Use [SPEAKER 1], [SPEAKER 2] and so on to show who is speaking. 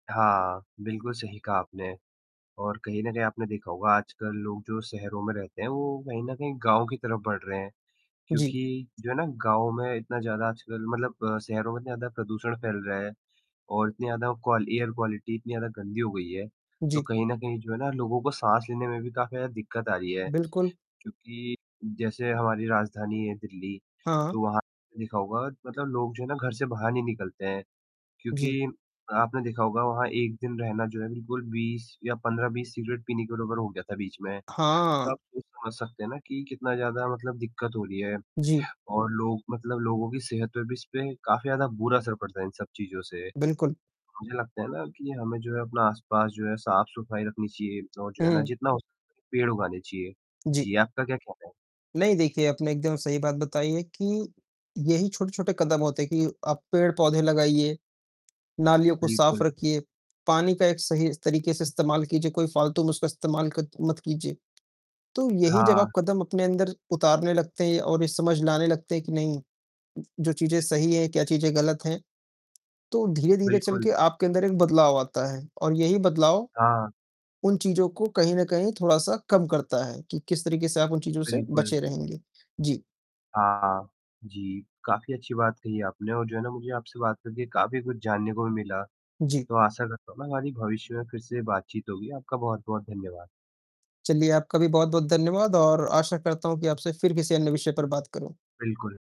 [SPEAKER 1] हाँ, बिल्कुल सही कहा आपने और कहीं न कहीं आपने देखा होगा आजकल लोग जो शहरों में रहते हैं, वो कहीं न कहीं गाँव की तरफ़ बढ़ रहे हैं।
[SPEAKER 2] जी।
[SPEAKER 1] क्योंकि जो है ना गाँव में इतना ज़्यादा आजकल मतलब शहरों में ज़्यादा प्रदूषण फ़ैल रहा है और इतनी ज़्यादा क्वाल एयर क्वालिटी इतनी ज़्यादा गंदी हो गई है, तो
[SPEAKER 2] जी।
[SPEAKER 1] कहीं न कहीं जो है ना लोगों को साँस लेने में भी काफ़ी ज़्यादा दिक़्क़त आ रही है।
[SPEAKER 2] बिल्कुल।
[SPEAKER 1] क्योंकि जैसे हमारी राजधानी है दिल्ली
[SPEAKER 2] हाँ।
[SPEAKER 1] तो वहाँ देखा होगा मतलब लोग जो है ना घर से बाहर नहीं निकलते हैं,
[SPEAKER 2] जी।
[SPEAKER 1] क्योंकि आपने देखा होगा वहाँ 1 दिन रहना जो है बिल्कुल 20 या 15-20 सिगरेट पीने के बराबर हो गया था बीच में, तो
[SPEAKER 2] हाँ।
[SPEAKER 1] आप ख़ुद समझ सकते हैं ना कि कितना ज़्यादा मतलब दिक़्क़त हो रही है
[SPEAKER 2] जी।
[SPEAKER 1] और लोग मतलब लोगों की सेहत पर भी इस पे काफ़ी ज़्यादा बुरा असर पड़ता है इन सब चीज़ों से।
[SPEAKER 2] बिल्कुल।
[SPEAKER 1] मुझे लगता है ना कि हमें जो है अपना आस-पास जो है साफ़-सफ़ाई रखनी चाहिए और जो है ना
[SPEAKER 2] हुँ।
[SPEAKER 1] जितना हो सके पेड़ उगाने चाहिए।
[SPEAKER 2] जी।
[SPEAKER 1] जी, आपका क्या कहना है?
[SPEAKER 2] नहीं देखिए, आपने एकदम सही बात बताई है कि यही छोटे-छोटे कदम होते हैं कि आप पेड़-पौधे लगाइए, नालियों को साफ़
[SPEAKER 1] बिल्कुल।
[SPEAKER 2] रखिए, पानी का एक सही तरीक़े से इस्तेमाल कीजिए, कोई फ़ालतू में उसका इस्तेमाल कत मत कीजिए। तो यही जब आप
[SPEAKER 1] हाँ।
[SPEAKER 2] कदम अपने अंदर उतारने लगते हैं और ये समझ लाने लगते हैं कि नहीं, जो चीजें सही हैं, क्या चीजें ग़लत हैं, तो धीरे-धीरे चल के
[SPEAKER 1] बिल्कुल।
[SPEAKER 2] आपके अंदर एक बदलाव आता है और यही बदलाव
[SPEAKER 1] हाँ।
[SPEAKER 2] उन चीज़ों को कहीं न कहीं थोड़ा-सा कम करता है कि किस तरीक़े से आप उन चीज़ों से
[SPEAKER 1] बिल्कुल।
[SPEAKER 2] बचे रहेंगे। जी।
[SPEAKER 1] हाँ जी, काफ़ी अच्छी बात कही आपने और जो है ना मुझे आपसे बात करके काफ़ी कुछ जानने को भी मिला।
[SPEAKER 2] जी।
[SPEAKER 1] तो आशा करता हूँ ना हमारी भविष्य में फ़िर से बातचीत होगी, आपका बहुत-बहुत धन्यवाद।
[SPEAKER 2] चलिए आपका भी बहुत-बहुत धन्यवाद और आशा करता हूँ कि आपसे फ़िर किसी अन्य विषय पर बात करूँ।
[SPEAKER 1] बिल्कुल।